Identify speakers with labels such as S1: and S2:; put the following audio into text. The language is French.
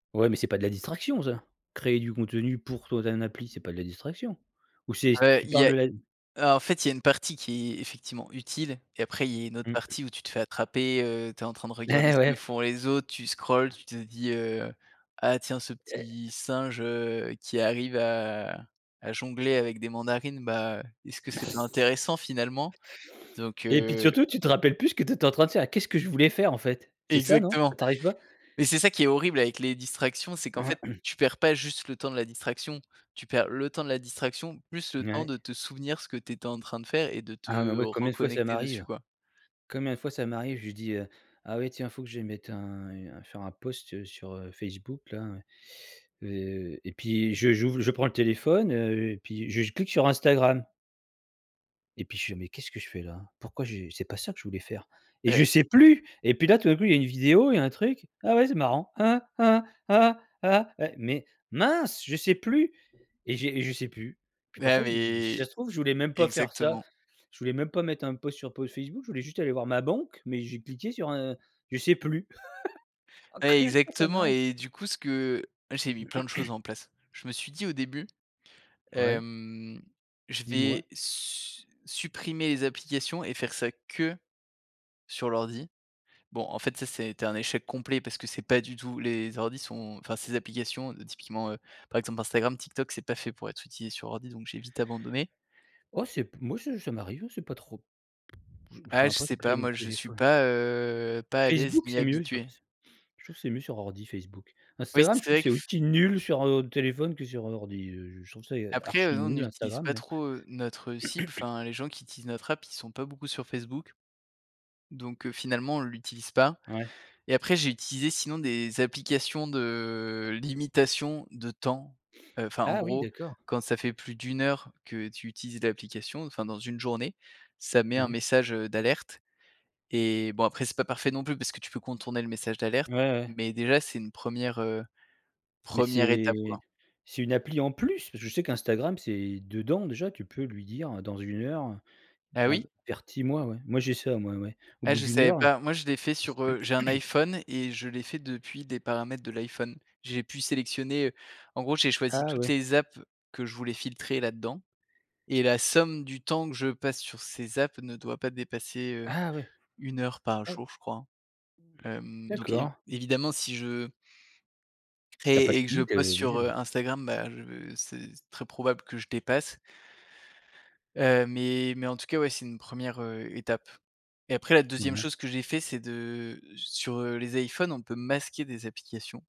S1: Ouais, mais c'est pas de la distraction ça. Créer du contenu pour toi, tu as un appli, c'est pas de la distraction ou c'est t
S2: Heu,
S1: tu
S2: il y
S1: parles
S2: a,
S1: de la
S2: heu, en fait, il y a une partie qui est effectivement utile et après il y a une autre
S1: Mmh.
S2: partie où tu te fais attraper, heu, tu es en train de regarder
S1: Et
S2: ce que
S1: ouais.
S2: font les autres, tu scrolles, tu te dis, heu: «Ah tiens! Ce
S1: Et
S2: petit singe, heu, qui arrive à à jongler avec des mandarines, bah, est-ce que c'est pas intéressant, finalement?» Donc
S1: Et puis
S2: heu
S1: surtout tu te rappelles plus ce que tu étais en train de faire: «Qu'est-ce que je voulais faire, en fait?» C'est ça, non, que
S2: Exactement,
S1: tu arrives pas?
S2: mais c'est ça qui est horrible avec les distractions, c'est qu'en fait, tu perds pas juste le temps de la distraction, tu perds le temps de la distraction plus le temps
S1: Mouais.
S2: de te souvenir ce que tu étais en train de faire et de
S1: Ah mais
S2: te
S1: moi, combien de fois ça
S2: reconnecter dessus,
S1: m'arrive.
S2: quoi.
S1: Combien de fois ça m'arrive, je dis, heu: «Ah ouais, tiens, faut que je mette un, heu, faire un post sur, heu, Facebook-là», heu et puis je j'ouvre je prends le téléphone, heu et puis j je clique sur Instagram et puis je fais: «Mais qu'est-ce que je fais là? Pourquoi je? c'est pas ça que je voulais faire» et je
S2: Ouais.
S1: sais plus et puis là, tout à coup, il y a une vidéo, il y a un truc. «Ah oui, c'est marrant. Ah, ah, ah, ah, ah, ah». Mais mince! Je sais plus et j'ai je sais plus. Puis
S2: Ouais,
S1: parfois, je me dis: «Mais si
S2: mais,
S1: ça se trouve, je voulais même pas faire ça.
S2: exactement.
S1: Je voulais même pas mettre un post sur pos Facebook. Je voulais juste aller voir ma banque, mais j'ai cliqué sur un je sais plus». Ah,
S2: Ouais,
S1: combien de fois ça
S2: exactement
S1: m'arrive!
S2: et du coup ce que j'ai mis plein de choses en place. Je me suis dit au début,
S1: Ouais.
S2: hem: «Je
S1: Dis-moi.
S2: vais su supprimer les applications et faire ça que sur l'ordi». Bon, en fait, ça ça a été un échec complet parce que c'est pas du tout les ordis sont enfin, ces applications typiquement, heu, par exemple, Instagram, TikTok, c'est pas fait pour être utilisé sur ordi donc j'ai vite abandonné.
S1: Oh c'est moi, c'est ça m'arrive, hein, c'est pas trop,
S2: Ah,
S1: enfin,
S2: je
S1: après
S2: sais pas
S1: j'ai mon
S2: moi .Je suis
S1: téléphone.
S2: pas, heu, pas à l'aise
S1: Facebook
S2: ni
S1: c'est mieux j'ai
S2: habitué.
S1: l'impression. Je trouve que c'est mieux sur ordi Facebook.
S2: Oui,
S1: Instagram, je
S2: c'est
S1: trouve que
S2: vrai que
S1: c'est
S2: f
S1: aussi nul sur, heu, téléphone que sur, heu, ordi, heu, je trouve ça
S2: Après, heu,
S1: archi
S2: nous on
S1: nul
S2: n'utilise
S1: Instagram
S2: pas
S1: mais
S2: trop, heu, notre cible, enfin, les gens qui utilisent notre app, ils sont pas beaucoup sur Facebook donc heu, finalement, on l'utilise pas
S1: Ouais.
S2: et après j'ai utilisé sinon des applications de limitation de temps, heu, enfin, en
S1: Ah oui,
S2: gros,
S1: d'accord.
S2: quand ça fait plus d'1 heure que tu utilises l'application, enfin, dans une journée. Ça met un
S1: Ouais.
S2: message, heu, d'alerte et bon, après c'est pas parfait non plus parce que tu peux contourner le message d'alerte
S1: Ouais, ouais.
S2: mais déjà, c'est une 1re, heu,
S1: Mais
S2: 1re étape,
S1: c'est
S2: quoi.
S1: c'est une appli en plus? Parce que je sais qu'Instagram c'est dedans déjà, tu peux lui dire, heu, dans 1 heure,
S2: Ah oui?
S1: heu, avertis-moi, ouais. Moi, j'ai ça, ouais, au
S2: Ah,
S1: bout
S2: je
S1: d'1
S2: savais
S1: heure, in
S2: pas. Moi, je l'ai fait sur, heu, j'ai un iPhone et je l'ai fait depuis des paramètres de l'iPhone. J'ai pu sélectionner, heu, en gros, j'ai choisi
S1: Ah
S2: toutes
S1: ouais.
S2: les apps que je voulais filtrer là-dedans et la somme du temps que je passe sur ces apps ne doit pas dépasser, heu,
S1: Ah ouais!
S2: 1 heure par
S1: Ah oui.
S2: jour, je crois, hem, donc évi
S1: D'accord.
S2: évidemment si je
S1: Si tu as pas
S2: crée et que je
S1: fini.
S2: poste sur, heu,
S1: [unintelligible]
S2: Instagram, bah, je c'est très probable que je dépasse heu, mais mais en tout cas, ouais, c'est une 1re, heu, étape et après la
S1: Mmh,
S2: 2e
S1: ouais.
S2: chose que j'ai fait c'est de sur, heu, les iPhone, on peut masquer des applications.